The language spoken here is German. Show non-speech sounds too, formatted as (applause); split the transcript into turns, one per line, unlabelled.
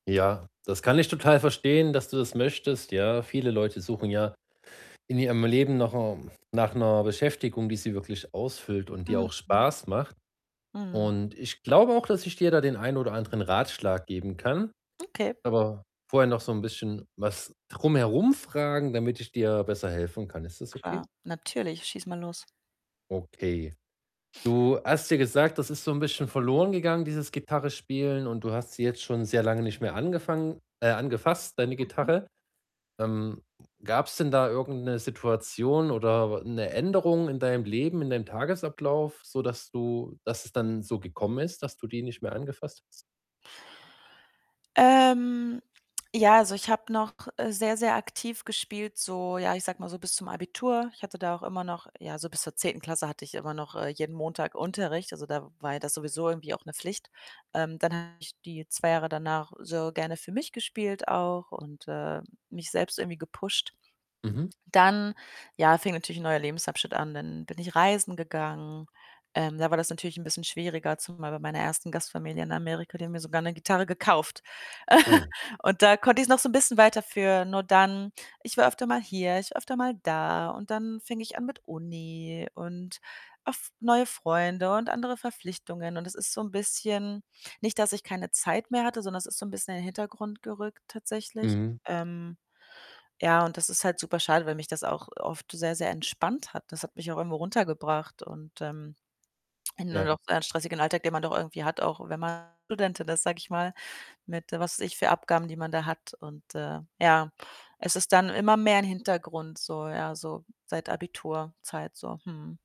Ja, das kann ich total verstehen, dass du das möchtest, ja. Viele Leute suchen ja in ihrem Leben nach 'ner nach 'ner Beschäftigung, die sie wirklich ausfüllt und die auch
Mhm.
Spaß macht
Mhm.
und ich glaube auch, dass ich dir da den einen oder anderen Ratschlag geben kann.
Okay.
Aber vorher noch so 'n bisschen was drum herum fragen, damit ich dir besser helfen kann. Ist das okay?
Klar, natürlich. Schieß mal los.
Okay. Du hast ja gesagt, das ist so 'n bisschen verloren gegangen, dieses Gitarrespielen und du hast sie
(unintelligible)
jetzt schon sehr lange nicht mehr angefangen äh, angefasst, deine
Mhm.
Gitarre. Ähm, gab's denn da irgend 'ne Situation oder 'ne Änderung in deinem Leben, in deinem Tagesablauf, sodass du dass es dann so gekommen ist, dass du die nicht mehr angefasst hast?
Ähm, ja, also, ich habe noch, äh, sehr, sehr aktiv gespielt so, ja, ich sage mal so bis zum Abitur. Ich hatte da auch immer noch ja, so bis zur 10. Klasse hatte ich immer noch, äh, jeden Montag Unterricht. Also, da war ja das sowieso irgendwie auch 'ne Pflicht. Ähm, dann habe ich die 2 Jahre danach sehr gerne für mich gespielt auch und, äh, mich selbst irgendwie gepusht.
Mhm.
Dann, ja, fing natürlich 'n neuer Lebensabschnitt an. Dann bin ich reisen gegangen. Ähm, da war das natürlich 'n bisschen schwieriger, zumal bei meiner 1. Gastfamilie in Amerika, die haben mir sogar 'ne Gitarre gekauft. (chuckles)
Oh.
Und da konnte ich's noch so 'n bisschen weiter führen und dann ich war öfter mal hier, ich war öfter mal da und dann fing ich an mit Uni und oft neue Freunde und andere Verpflichtungen und es ist so 'n bisschen nicht, dass ich keine Zeit mehr hatte, sondern es ist so 'n bisschen in den Hintergrund gerückt tatsächlich.
Mhm.
Ähm, ja, und das ist halt super schade, weil mich das auch oft sehr, sehr entspannt hat. Das hat mich auch irgendwo runtergebracht und, ähm, in
Ja.
(unintelligible) stressigen Alltag, den man doch irgendwie hat, auch wenn man Studentin ist, sage ich mal, mit, was weiß ich, für Abgaben, die man da hat und, äh, ja, es ist dann immer mehr in 'n Hintergrund so ja, so seit Abiturzeit so, mhm.